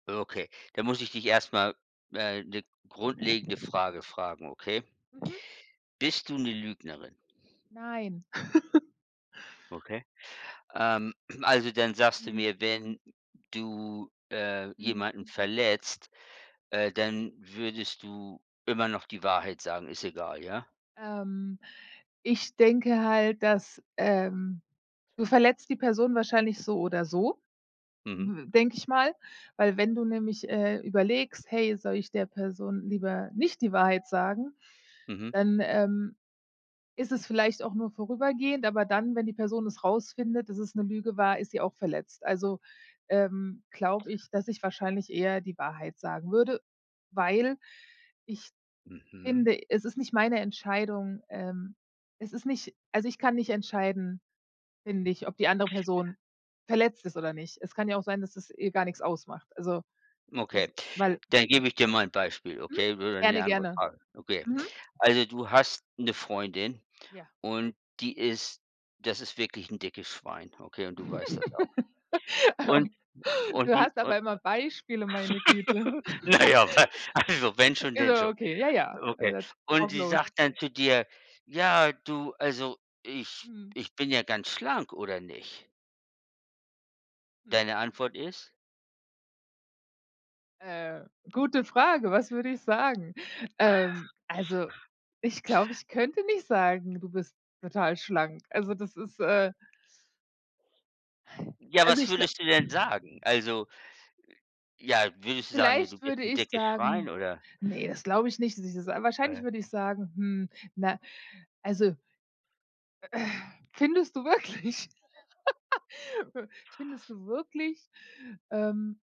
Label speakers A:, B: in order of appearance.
A: Oh, okay, da muss ich dich erst mal, äh, 'ne grundlegende Frage fragen, okay?
B: Mhm.
A: Bist du 'ne Lügnerin?
B: Nein.
A: Okay. Ähm, also, dann sagst du
B: Mhm.
A: mir, wenn du, äh,
B: Mhm.
A: jemanden verletzt, äh, dann würdest du immer noch die Wahrheit sagen, ist egal, ja?
B: Ähm, ich denke halt, dass ähm, du verletzt die Person wahrscheinlich so oder so,
A: Mhm.
B: w denke ich mal, weil wenn du nämlich, äh, überlegst: „Hey, soll ich der Person lieber nicht die Wahrheit sagen?“,
A: Mhm.
B: dann, ähm, ist es vielleicht auch nur vorübergehend, aber dann, wenn die Person es rausfindet, dass es 'ne Lüge war, ist sie auch verletzt. Also, ähm, glaube ich, dass ich wahrscheinlich eher die Wahrheit sagen würde, weil ich
A: Mhm.
B: finde, es ist nicht meine Entscheidung ähm, es ist nicht also, ich kann nicht entscheiden, finde ich, ob die andere Person verletzt ist oder nicht. Es kann ja auch sein, dass es ihr gar nix ausmacht. Also,
A: Okay,
B: es weil
A: dann gebe ich dir mal 'n Beispiel,
B: Mhm.
A: okay, oder 'ne
B: Gerne,
A: andere
B: gerne.
A: Frage. Okay,
B: Mhm.
A: also du hast 'ne Freundin
B: Ja.
A: und die ist das ist wirklich 'n dickes Schwein, okay, und du weißt das auch.
B: Ah,
A: Und
B: oh,
A: und
B: du
A: die
B: hast
A: u
B: aber immer Beispiele, meine Güte.
A: na ja, wa also, wenn schon,
B: Ist
A: denn
B: aber
A: schon.
B: okay, ja, ja,
A: Okay.
B: [unintelligible]
A: Und
B: drauf
A: sie
B: los.
A: sagt dann zu dir: „Ja, du, also ich
B: Mhm.
A: ich bin ja ganz schlank, oder nicht?“
B: Hm.
A: Deine Antwort ist?
B: Äh, gute Frage, was würde ich sagen? Ähm, also ich glaube, ich könnte nicht sagen: „Du bist total schlank.“ Also, das ist, äh
A: Ja,
B: Also,
A: was
B: ich gla
A: würdest du denn sagen? Also ja, würdest du sagen: „Ja, du
B: Vielleicht
A: bist
B: würde
A: 'n
B: ich
A: dickes Schwein“,
B: sagen
A: oder?
B: ne, das glaube ich nicht, dass ich das sage.
A: Äh.
B: Wahrscheinlich würde ich sagen: „Hm, na, also“ „Äh, findest du wirklich f findest du wirklich, ähm"